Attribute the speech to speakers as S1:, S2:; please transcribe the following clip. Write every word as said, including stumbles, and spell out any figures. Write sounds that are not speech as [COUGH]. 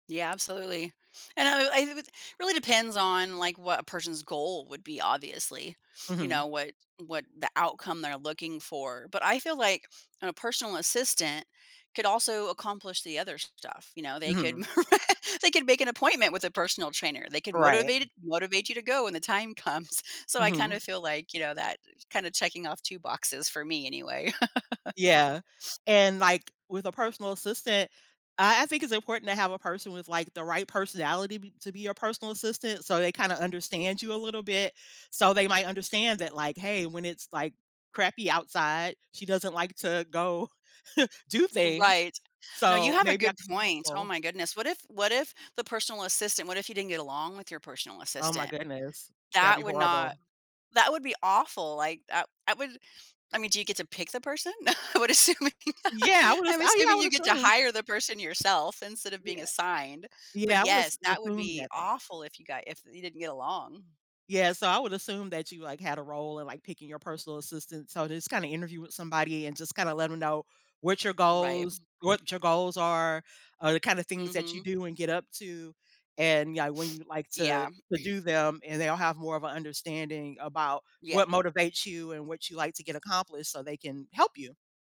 S1: Yeah, absolutely, and I I r [UNINTELLIGIBLE] really depends on, like, what a person's goal would be, obviously, you
S2: Mhm.
S1: know, what what the outcome they're looking for, but, I feel, like, a personal assistant could also accomplish the other stuff, you know, they could,
S2: Mhm.
S1: [CHUCKLES] they could make an appointment with a personal trainer. They can
S2: Right.
S1: motivate it motivate you to go when the time comes, so I, kinda,
S2: Mhm.
S1: feel, like, you know, that, kinda, checking off two boxes for me anyway. [LAUGHS]
S2: Yeah, and, like, with a personal assistant, I I think it's important to have a person with, like, the right personality be to be your personal assistant, so they, kinda, understand you a little bit, so they might understand that, like, hey, when it's, like, crappy outside, she doesn't like to go [CHUCKLES] do things,
S1: Right, no, you
S2: so
S1: have a
S2: maybe I
S1: good
S2: can be more
S1: point. Oh,
S2: helpful.
S1: my goodness. What if what if the personal assistant what if you didn't get along with your personal
S2: Oh, my
S1: assistant?
S2: goodness. That'd be
S1: That would not
S2: horrible.
S1: that would be awful. Like, I I wouldn't I mean, do you get to pick the person? I would assuming
S2: Yeah, I
S1: [LAUGHS]
S2: would
S1: I'm
S2: oh, yeah, I
S1: assuming
S2: would
S1: you get to
S2: assume.
S1: hire the person yourself instead of being
S2: Yeah.
S1: assigned, but
S2: Yeah, I would have
S1: yes, that would
S2: assumed
S1: be
S2: that though.
S1: awful if you got if you didn't get along.
S2: Yeah, so I would assume that you, like, had a role in, like, picking your personal assistant, so, just, kinda, interview with somebody and, just, kinda, let them know what your
S1: Right,
S2: goals
S1: m
S2: what your goals are, or the, kinda, things that you
S1: Mhm.
S2: do and get up to, and yeah, when you like to
S1: Yeah.
S2: to do them, and they'll have more of an understanding about what
S1: Yeah.
S2: motivates you and what you like to get accomplished so they can help you.